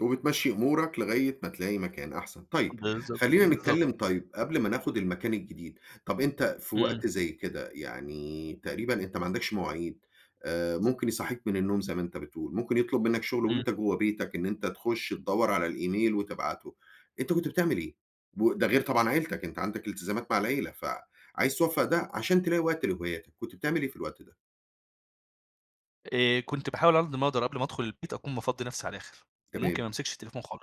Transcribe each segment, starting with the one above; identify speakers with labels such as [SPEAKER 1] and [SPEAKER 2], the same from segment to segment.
[SPEAKER 1] وبتمشّي أمورك لغاية ما تلاقي مكان أحسن. طيب
[SPEAKER 2] بالضبط،
[SPEAKER 1] خلّينا نتكلّم
[SPEAKER 2] بالضبط.
[SPEAKER 1] طيب، قبل ما ناخد المكان الجديد، طب أنت في
[SPEAKER 2] إمم.
[SPEAKER 1] وقت زي كده يعني تقريبًا أنت ما عندكش مواعيد، آآ ممكن يصحّيك من النوم زي ما أنت بتقول، ممكن يطلب منّك شغل
[SPEAKER 2] إمم.
[SPEAKER 1] وأنت جوّه بيتك، إن أنت تخُش تدوّر على الإيميل، وتبعته. أنت كنت بتعمل إيه؟ و ده غير طبعًا عيلتك، أنت عندك التزامات مع العيلة، فعايز توفّق ده، عشان تلاقي وقت لهواياتك. كنت بتعمل إيه في الوقت ده؟
[SPEAKER 2] آآ، كنت باحاول على قد ما اقدر قبل ما ادخل البيت، أكون مفضّي نفسي على الآخر، وممكن
[SPEAKER 1] تمام.
[SPEAKER 2] ما امسكش التليفون خال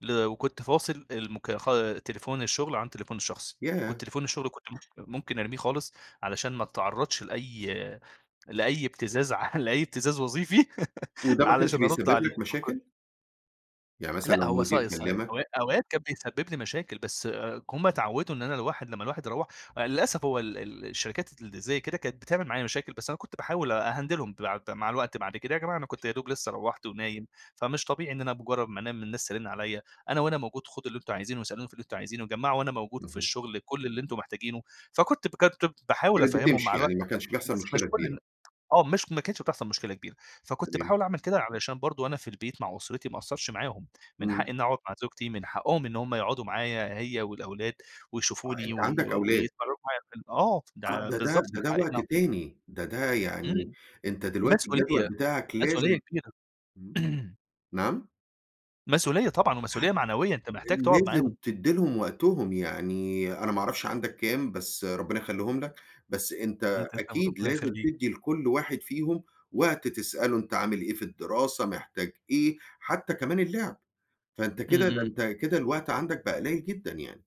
[SPEAKER 2] ل وكنت فاصل المكا خا تليفون الشغل عن التليفون الشخصي.
[SPEAKER 1] ياه!
[SPEAKER 2] وتليفون الشغل كنت ممكن ممكن ارميه خالص، علشان ما اتعرّضش لأي لأي ابتزاز ع لأي ابتزاز وظيفي
[SPEAKER 1] وده ما كانش
[SPEAKER 2] علشان أرد
[SPEAKER 1] بيسبب
[SPEAKER 2] عليه.
[SPEAKER 1] لك
[SPEAKER 2] فكنت
[SPEAKER 1] مشاكل؟ يعني مثلًا
[SPEAKER 2] لأ،
[SPEAKER 1] لو
[SPEAKER 2] هو
[SPEAKER 1] المدير
[SPEAKER 2] صاي صاي
[SPEAKER 1] كلمك.
[SPEAKER 2] أو أوقات كان بيسبب لي مشاكل، بس هم اتعوّدوا إن أنا الواحد لمّا الواحد يروّح، للأسف هو ال ال الشركات اللي زي كده، كانت بتعمل معايا مشاكل، بس أنا كنت باحاول أهندلهم بعد مع الوقت. بعد كده يا جماعة أنا كنت يدوب لسّه روّحت، ونايم، فمش طبيعي إن أنا بمُجرّد ما انام الناس ترن عليّا. أنا وأنا موجود خدوا اللي أنتم عايزينه، واسألوني في اللي أنتم عايزينه. وجمّعوا وأنا موجود في
[SPEAKER 1] اهم.
[SPEAKER 2] الشغل كل اللي أنتم محتاجينه. فكنت بجد باحاول
[SPEAKER 1] كانت
[SPEAKER 2] أفهمهم مع
[SPEAKER 1] بتمشي، يعني
[SPEAKER 2] الوقت
[SPEAKER 1] ما كانش
[SPEAKER 2] [unintelligible]
[SPEAKER 1] بيحصل
[SPEAKER 2] بس مش
[SPEAKER 1] مشكلة
[SPEAKER 2] كل
[SPEAKER 1] كبيرة.
[SPEAKER 2] النا آه، مش ما كانتش بتحصل مشكلة كبيرة. فكنت
[SPEAKER 1] تمام.
[SPEAKER 2] باحاول اعمل كده، علشان برضه وأنا في البيت مع أسرتي ما اقصّرش معاهم، من
[SPEAKER 1] إمم.
[SPEAKER 2] حقي إنّي اقعد مع زوجتي، من حقهم إن هم يقعدوا معايا هي، والأولاد،
[SPEAKER 1] آه،
[SPEAKER 2] ويشوفوني
[SPEAKER 1] أنت
[SPEAKER 2] وي
[SPEAKER 1] عندك أولاد.
[SPEAKER 2] [unintelligible] آه، ده
[SPEAKER 1] آه
[SPEAKER 2] ع
[SPEAKER 1] ده ده
[SPEAKER 2] بالضبط
[SPEAKER 1] ده
[SPEAKER 2] من
[SPEAKER 1] -ده
[SPEAKER 2] حقي إن
[SPEAKER 1] وقت تاني، ده ده يعني
[SPEAKER 2] إمم.
[SPEAKER 1] أنت دلوقتي الجدول
[SPEAKER 2] مسؤولية،
[SPEAKER 1] بتاعك
[SPEAKER 2] مسؤولية
[SPEAKER 1] لازم
[SPEAKER 2] كبيرة.
[SPEAKER 1] إمم. نعم؟
[SPEAKER 2] مسؤولية طبعًا، ومسؤوليّة معنويّة. أنت محتاج
[SPEAKER 1] ال
[SPEAKER 2] تقعد
[SPEAKER 1] لازم
[SPEAKER 2] معاهم.
[SPEAKER 1] تدّي لهم وقتهم، يعني أنا ما اعرفش عندك كام، بس ربنا يخلّيهم لك، بس
[SPEAKER 2] إمم،
[SPEAKER 1] أنت
[SPEAKER 2] تسلم
[SPEAKER 1] أكيد
[SPEAKER 2] ربنا
[SPEAKER 1] لازم
[SPEAKER 2] يخليك.
[SPEAKER 1] تدّي لكل واحد فيهم وقت تسأله أنت عامل إيه في الدراسة، محتاج إيه، حتّى كمان اللعب. فأنت
[SPEAKER 2] إمم،
[SPEAKER 1] كده ده
[SPEAKER 2] إمم.
[SPEAKER 1] أنت كده الوقت عندك بقى قليل جدًا يعني.